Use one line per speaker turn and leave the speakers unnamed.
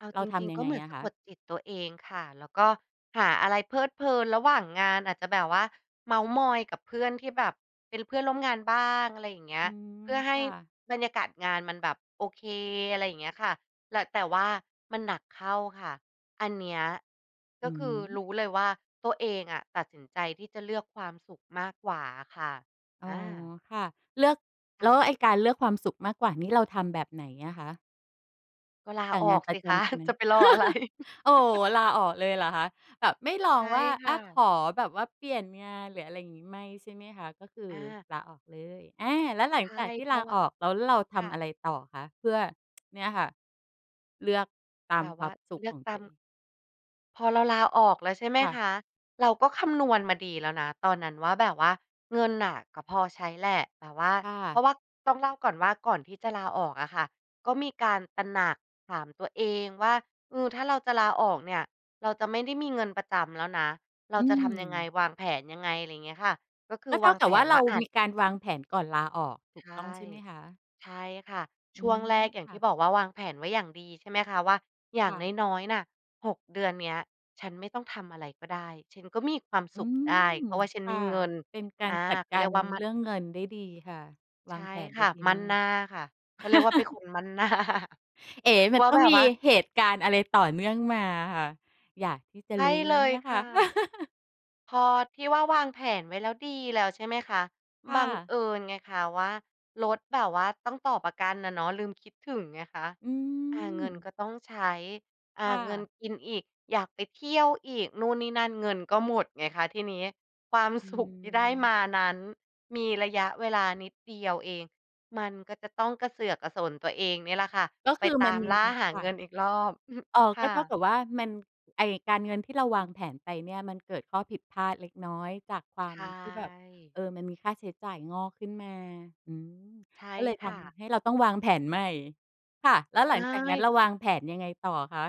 เอา
เร
จ
าท
ริง
ำยั
ๆ ก
ง
็
ไง
เหมือน
อ
ส
ะ
ะ
ค
ก
ะ?
ดจิตตัวเองค่ะ แล้วก็หาอะไรเพลิดเพลินระหว่างงาน อาจจะแบบว่าเมาท์มอยกับเพื่อนที่แบบเป็นเพื่อนร่วมงานบ้าง อะไรอย่างเงี้
อ
ย
ืม
เพื่อให
ค
้
่ะ
บรรยากาศงานมันแบบโอเค อะไรอย่างเงี้ยค่ะ แหละ แต่ว่ามันหนักเข้าค่ะ อันเนี้ย ก
อ
็
ือ
คื
ฮ
อ
ึ
รู้เลยว่า ตัวเองอะตัดสินใจที่จะเลือกความสุขมากกว่าอะค่ะ
อ๋อ
อา
ค่ะ เลือก
ค
แ
่
ล้ว
ะ
ไอ้การเลือกความสุขมากกว่านี้เราทำแบบไหนอะคะ?
ก็ลา
แต่
อ
ง
อ
าน
ก
ปร
สิ
ะจ
คะ
ำ ใช่ไหม
จะไปรออะไร
โอ้โฮ ลาออกเลยเหรอคะ แบบไม่ล
ใ
อ
ช
ง
่
ว่า
ค
อ
่
า ข
ะ
อแบบว่าเปลี่ยนงาน หรืออะไรอย่างงี้ ไม่ ใช่ไหมคะ ก็คือ
อา
ลาออกเลย อา แล้วหลั
ใช
ง
่
จากที่
เพร
ล
า
า
ะว่า
ออกแล้วเราท
ค่
ำอ
ะ
ะไรต่อคะ เพื่อ เนี่ยค่ะ เลือกต
แ
า
บ
ม
บ
ค
ว
ว
่
า
า
มสุ
เ
ข
ลือ
ข
ก
อง
ตา
ตั
ม
วเอง?
พอเราลาออกแล้ว ใช่ไหม
ค่ะ
คะ เราก็คำนวณมาดีแล้วนะตอนนั้นว่า แบบว่าเงินน่ะก็พอใช้แหละ แต่ว่า
ค่
เพ
ะ
ราะว่าต้องเล่าก่อนว่า ก่อนที่จะลาออกอะค่ะ ก็มีการตระหนักถามตัวเองว่า เออ ถ้าเราจะลาออกเนี่ย เราจะไม่ได้มีเงินประจำแล้วนะ เรา
อื
จะทำยังไง
ม
วางแผนยังไง ไรเงี้ยค่ะ ก็คื
ก
อ
็เ
ว
ท่
า
า
ง
ก
แ
ั
ผ
บว่า
น
เ
ว
ร
่
า
า อา
ม
จ
ีการวางแผนก่อนลาออก ถู
ใช
ก
่
ต้องใช่ไหมคะ?
ใช่ค่ะ
อ
ช
ื
่วง
ม
แรกอย่า
ค
ง
่
ที
ะ
่บอกว่า วางแผนไว้อย่างดี ใช่ไหมคะว่า อย่า
ค
ง
่ะ
น้อย ๆ น่ะ 6 เดือนนี้ ฉันไม่ต้องทำอะไรก็ได้ ฉันก็มีความ
อ
ส
ื
ุขได้
ม
เพราะว่าฉัน
ค
ม
่
ี
ะ
เงิน
เป็นกา
อา
รจัด
เข
ก
าเร
า
ี
ร
ยกว่า มั่
เ
น
รื่องเงินได้ดีค่ะ
ใ
ว
ช
า
่
งแผน
ค
ได้
่ะ
ดี
มั่
ม
น
า
หน
ก
้าค่ะ เขาเรียกว่าเป็นคนมั่น หน้า
เอ๋ มั
ว
น
่า
ต้อ
แ
ง
บบ
มี
ว่า
เหตุการณ์อะไรต่อเนื่องมาอะค่ะ อยากที่จะ
ใช่
รู้
เ
แ
ล
ล้วเน
ย
ี่ย
ค
ค่
่
ะ
ะ พอที่ว่า วางแผนไว้แล้ว ดีแล้ว ใช่ไหมคะ?
ค
บ
่
ัง
ะ
เอิญไงค่ะว่า รถแบบว่าต้องต่อประกันอะเนาะ ลืมคิดถึงไงคะ
อื
อา เงิน
ม
ก็ต้องใช้ อา
ค่
เงิน
ะ
กินอีก อยากไปเที่ยวอีกนู่นนี่นั่น เงินก็หมดไงคะทีนี้ ความ
อื
สุข ที่ได้
ม
มานั้นมีระยะเวลานิดเดียวเอง มันก็จะต้องกระเสือกกระสนตัวเองนี่แหละค่ะ
ก็
ไ
ค
ป
ือ
ต
มั
า
น
ม
มี
ล่าหา
ค่
เงิ
ะ
นอีกรอบ
อ๋อ
ค
ก
่
็เท่า
ะ
กับว่ามัน ไอ้การเงินที่เราวางแผนไปเนี่ย มันเกิดข้อผิดพลาดเล็กน้อยจากคว
ใ
า
ช
มที่แบบ
่
เออ มันมีค่าใช้จ่ายงอกขึ้นมา อืม
ใช่
ก็เลย
ค
ท
่ะ
ำให้เราต้องวางแผนใหม่ ค่ะ แล้
ใ
ว
ช
หลังจากนั้น
่
เราวางแผนยังไงต่ออะคะ?